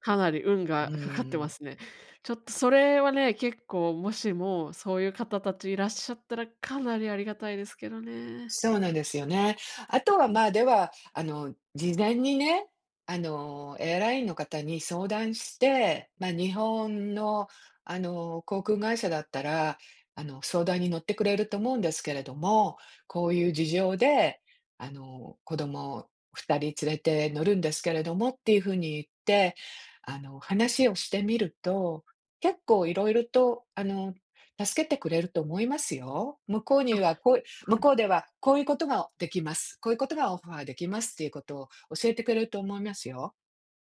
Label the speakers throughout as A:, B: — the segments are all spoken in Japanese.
A: かなり運が
B: う
A: かかってま
B: ん。
A: すね。ちょっとそれはね、結構もしもそういう方達いらっしゃったら、かなりありがたいですけどね。
B: そうなんですよね。あとは
A: うん。
B: までは、あの事前にね、あのエアラインの方に相談して、ま日本のあの航空会社だったら、あの相談に乗ってくれると思うんですけれども、こういう事情で、あの子供2人連れて乗るんですけれどもっていう風に言って。あの話をしてみると、結構いろいろとあの助けてくれると思いますよ。向こう
A: あ、
B: には、こう
A: は
B: 向
A: い。
B: こうでは、こういうことができます、こういうことがオファーできますっていうことを教えてくれると思いますよ。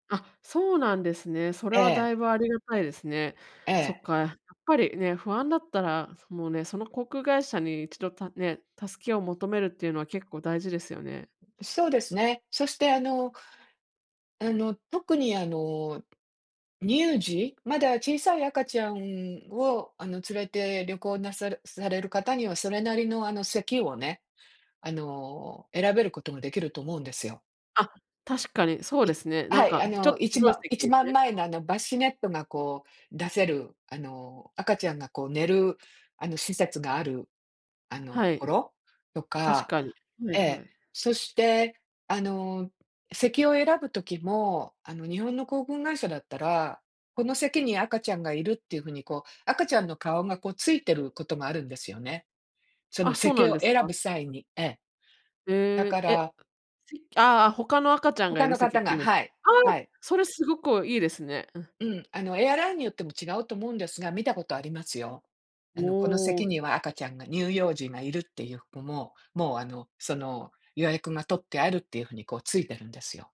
A: あ、そうなんですね。それ
B: え
A: はだい
B: え。
A: ぶありがたいですね。
B: え
A: そっ
B: え。
A: か、やっぱりね、不安だったら、もうね、その航空会社に一度、たね、助けを求めるっていうのは結構大事ですよね。
B: そうですね。そしてあのあの特にあの、乳児、まだ小さい赤ちゃんをあの連れて旅行なさるされる方には、それなりのあの席をね、あの選べることもできると思うんですよ。
A: あ、確かにそうで
B: い
A: すね。な
B: は
A: ん
B: い、
A: か
B: あ
A: ちょっ
B: の
A: と
B: いち
A: 広
B: ば
A: い
B: ん-いち
A: 席
B: ばん
A: で
B: まえのあのバシネットがこう出せる、あの赤ちゃんがこう寝る、あの施設がある、あの
A: は
B: とこ
A: い。
B: ろと
A: 確
B: か
A: かに、は
B: え
A: いは
B: え、
A: い。
B: そして、あの席を選ぶ時も、あの日本の航空会社だったら、この席に赤ちゃんがいるっていう風にこう、赤ちゃんの顔がこうついてることもあるんですよね。その
A: あ、そうな
B: 席
A: ん
B: を
A: です
B: 選ぶ
A: か？
B: 際にええ。だ
A: へ
B: か
A: え、え。
B: ら
A: せああ、他の赤ちゃんが
B: 他
A: いる
B: の
A: 席っ
B: 方
A: てい
B: が
A: う意味。
B: はい
A: ああ、
B: はい。
A: それすごくいいですね。うん。
B: うん、あのエアラインによっても違うと思うんですが、見たことありますよ。あ
A: お
B: のこの席
A: お。
B: には赤ちゃんが乳幼児がいるっていう子も、もうあのその予約が取ってあるっていう風に、こうついてるんですよ。